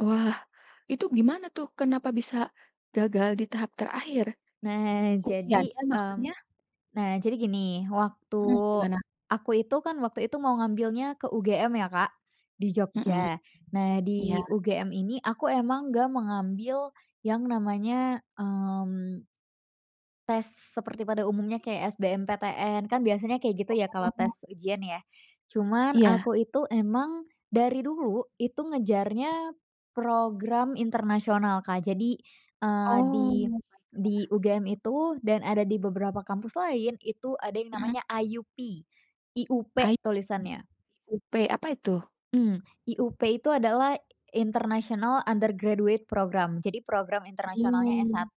Wah, itu gimana tuh kenapa bisa gagal di tahap terakhir? Nah, jadi, Ujiannya mmm, maksudnya? nah, jadi gini, waktu Mmm, gimana? aku itu kan, waktu itu mau ngambilnya ke UGM ya, Kak, di Mmm, Jogja. Nah, di iya. UGM ini aku emang enggak mengambil yang namanya, mmm tes seperti pada umumnya kayak SBMPTN, kan biasanya kayak gitu ya kalau Oh. tes ujian ya. Cuman Iya. aku itu emang dari dulu itu ngejarnya program internasional, Kak. Jadi, eee, di Oh, baiklah. di UGM itu dan ada di beberapa kampus lain, itu ada yang Mmm. namanya IUP, I-U-P I P. tulisannya. IUP, apa itu? Mmm. IUP itu adalah International Undergraduate Program. Jadi program internasionalnya Hmm. S1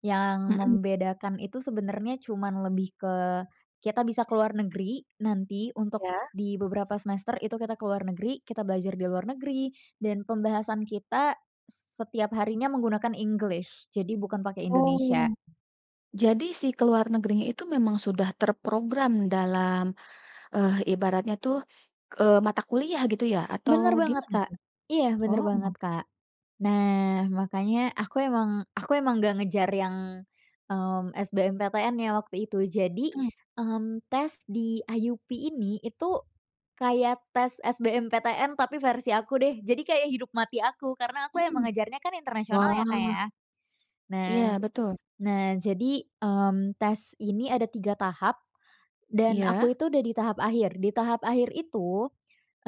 yang Mmm. membedakan itu sebenernya cuman lebih ke kita bisa ke luar negeri, nanti untuk Iya. di beberapa semester itu kita ke luar negeri, kita belajar di luar negeri, dan pembahasan kita setiap harinya menggunakan English, jadi bukan pake Indonesia. Oh, jadi sih keluar negerinya itu memang sudah terprogram dalam, eh, ibaratnya tuh, eee, mata kuliah gitu ya? Atau Bener banget, gimana Kak. tuh? Iya bener Oh. banget, Kak. Nah, makanya aku emang aku emang enggak ngejar yang, mmm, SBMPTN ya waktu itu. Jadi, Mmm. mmm, tes di IUP ini itu kayak tes SBMPTN tapi versi aku deh. Jadi kayak hidup mati aku, karena aku emang Mmm, ngejarnya kan internasional ya, Kak, wah. ya. Nah Iya, betul. nah, jadi, mmm, tes ini ada 3 tahap dan Iya. aku itu udah di tahap akhir. Di tahap akhir itu,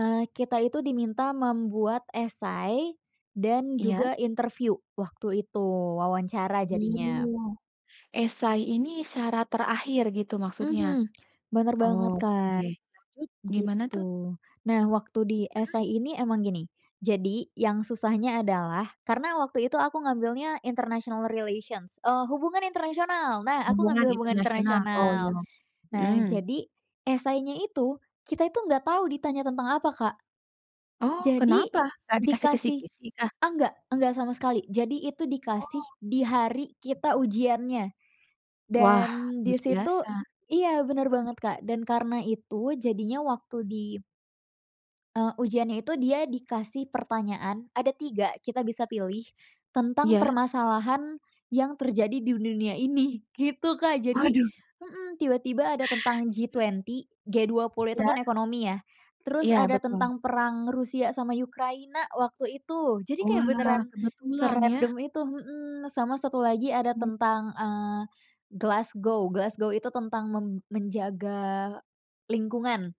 eee, kita itu diminta membuat essay dan Iya. juga interview waktu itu, wawancara jadinya. Mmm, essay ini syarat terakhir gitu maksudnya? Mhm, bener banget, Oke. Kak, Lalu gimana tuh? gitu. Nah, waktu di Terus? essay ini memang gini, jadi yang susahnya adalah karena waktu itu aku ngambilnya international relations, eee, hubungan internasional. Nah aku Hubungan ngambil hubungan Internasional, oh internasional. iya. Nah, Mmm. jadi essay-nya itu kita itu enggak tahu ditanya tentang apa, Kak. Oh, Jadi kenapa? Enggak dikasih dikasih kisi-kisikah? enggak enggak sama sekali. Jadi itu Oh. dikasih di hari kita ujiannya, Wah dan di luar situ biasa. iya bener banget, Kak, dan karena itu jadinya waktu di eee, ujiannya itu dia dikasih pertanyaan, ada 3 kita bisa pilih tentang Iya. permasalahan yang terjadi di dunia ini, gitu, Kak. Jadi Waduh. hmm, tiba-tiba ada tentang Itu G20, G20 itu kan Iya. ekonomi ya. Terus Iya, ada betul. tentang perang Rusia sama Ukraina waktu itu. Jadi kayak Wah, beneran kebetulan ya. serandom itu, mmm. Sama satu lagi ada Mmm. tentang, eee, Glasgow. Glasgow itu tentang men menjaga lingkungan.